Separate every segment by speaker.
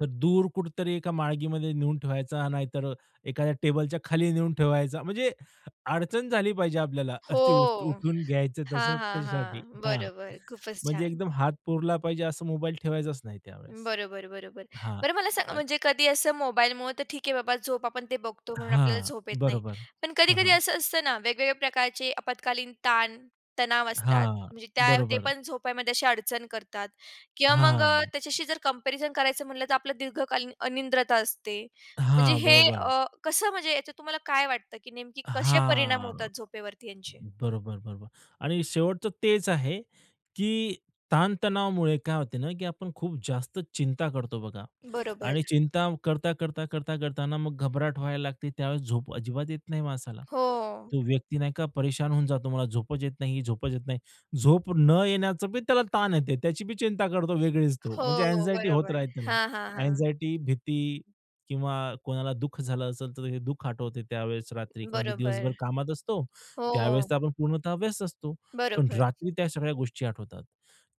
Speaker 1: तर दूर कुठेतरी एका माळगीमध्ये नेऊन ठेवायचा, नाहीतर एखाद्या टेबलच्या खाली नेऊन ठेवायचा, म्हणजे अडचण झाली पाहिजे आपल्याला,
Speaker 2: हो.
Speaker 1: असं ते [unintelligible] उठून घ्यायचं
Speaker 2: हां,
Speaker 1: तसं
Speaker 2: हां,
Speaker 1: त्याच्यासाठी.
Speaker 2: हां.
Speaker 1: हां.
Speaker 2: बरोबर, खूपच
Speaker 1: म्हणजे
Speaker 2: छान.
Speaker 1: एकदम हात पुरला पाहिजे, असं मोबाईल ठेवायचाच नाही त्यावेळेस.
Speaker 2: बरोबर, बरोबर.
Speaker 1: हां.
Speaker 2: बरं, मला सांग
Speaker 1: अन
Speaker 2: म्हणजे कधी असं मोबाईलमुळं तर ठीक आहे बाबा झोप आपण ते बघतो म्हणून आपल्याला
Speaker 1: हां.
Speaker 2: झोप येत नाही.
Speaker 1: बरोबर.
Speaker 2: पण
Speaker 1: हां,
Speaker 2: कधी-कधी
Speaker 1: हां.
Speaker 2: असं असतं ना, वेगवेगळ्या प्रकारचे आपत्कालीन ताण, तणाव असतात.
Speaker 1: हां,
Speaker 2: म्हणजे त्या ते
Speaker 1: बरोबर.
Speaker 2: पण झोपेमध्ये अशी अडचण करतात किंवा मग अ,
Speaker 1: हां.
Speaker 2: त्याच्याशी जर कम्पॅरिझन करायचं म्हटलं, तर आपलं दीर्घकालीन अनिद्रता असते. म्हणजे
Speaker 1: हां,
Speaker 2: हे
Speaker 1: बरोबर.
Speaker 2: अ, कसं, म्हणजे याच्यात तुम्हाला काय वाटतं की नेमकी कसे परिणाम होतात
Speaker 1: हां.
Speaker 2: झोपेवरती यांचे?
Speaker 1: बरोबर, बरोबर. आणि शेवटचं तेच आहे, की ताण-तणावामुळे काय होते ना, की आपण खूप जास्त चिंता करतो बघा.
Speaker 2: बरोबर.
Speaker 1: आणि चिंता करता, करता, करता करता ना मग घबराट व्हायला लागते, त्यावेळेस झोप अजिबात येत नाही माणसाला.
Speaker 2: हो.
Speaker 1: तो व्यक्ती नाही का परेशान होऊन जातो. मला झोपच येत नाही, झोपच येत नाही. झोप न येण्याचं बी त्याला ताण येते. त्याची बी चिंता करतो वेगळीच तो.
Speaker 2: हो,
Speaker 1: म्हणजे अँक्साइटी होत
Speaker 2: बरोबर.
Speaker 1: राहील त्याला.
Speaker 2: हां, हां, हां.
Speaker 1: अँक्साइटी, भीती किंवा कोणाला दुःख झालं असेल, तर दुःख आठवते त्यावेळेस रात्री, कारण की
Speaker 2: बरोबर.
Speaker 1: दिवसभर कामात असतो.
Speaker 2: हो.
Speaker 1: त्यावेळेस तर आपण पूर्णतः व्यस्त असतो, पण
Speaker 2: बरोबर.
Speaker 1: रात्री त्या सगळ्या गोष्टी आठवतात.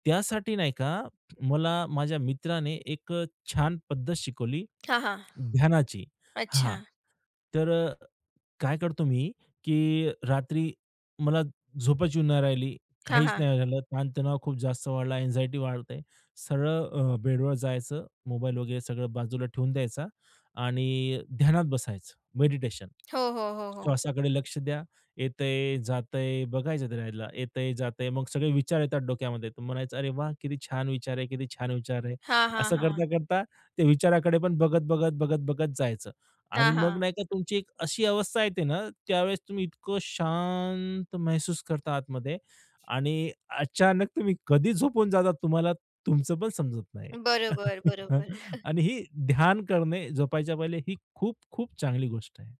Speaker 1: त्यासाठी नाही का, मला माझ्या मित्राने एक अ, छान पद्धत शिकवली,
Speaker 2: हां, हां.
Speaker 1: ध्यानाची. हां.
Speaker 2: अच्छा.
Speaker 1: तर अ, काय करतो मी, की रात्री मला झोपच येऊन नाही राहिली,
Speaker 2: हां,
Speaker 1: काहीच
Speaker 2: हां.
Speaker 1: नाही झालं, ताणतणाव खूप जास्त वाढला. अँक्साइटी वाढत आहे. सरळ अ, बेडवर जायचं, मोबाईल वगैरे सगळं बाजूला ठेवून द्यायचा आणि ध्यानात बसायचं. मेडिटेशन.
Speaker 2: हो, हो, हो, हो.
Speaker 1: श्वासाकडे लक्ष द्या. येतय, जातंय बघायचं त्याला, येतय, जातंय. मग सगळे विचार येतात डोक्यामध्ये, तुम्ही म्हणायचं, "अरे वाह! किती छान विचार आहे, किती छान विचार आहे."
Speaker 2: हां, हां,
Speaker 1: असं
Speaker 2: हां.
Speaker 1: करता, करता ते विचाराकडे पण बघत, बघत, बघत, बघत जायचं आणि
Speaker 2: हां, हां.
Speaker 1: मग नाही का तुमची एक अशी अवस्था येते ना, त्यावेळेस तुम्ही इतकं शांत महसूस करता आतमध्ये आणि अचानक तुम्ही कधी झोपून जाता तुम्हाला तुमचं पण समजत नाही.
Speaker 2: बरोबर, बरोबर.
Speaker 1: आणि ही ध्यान करणे झोपायच्या पहिले ही खूप, खूप चांगली गोष्ट आहे.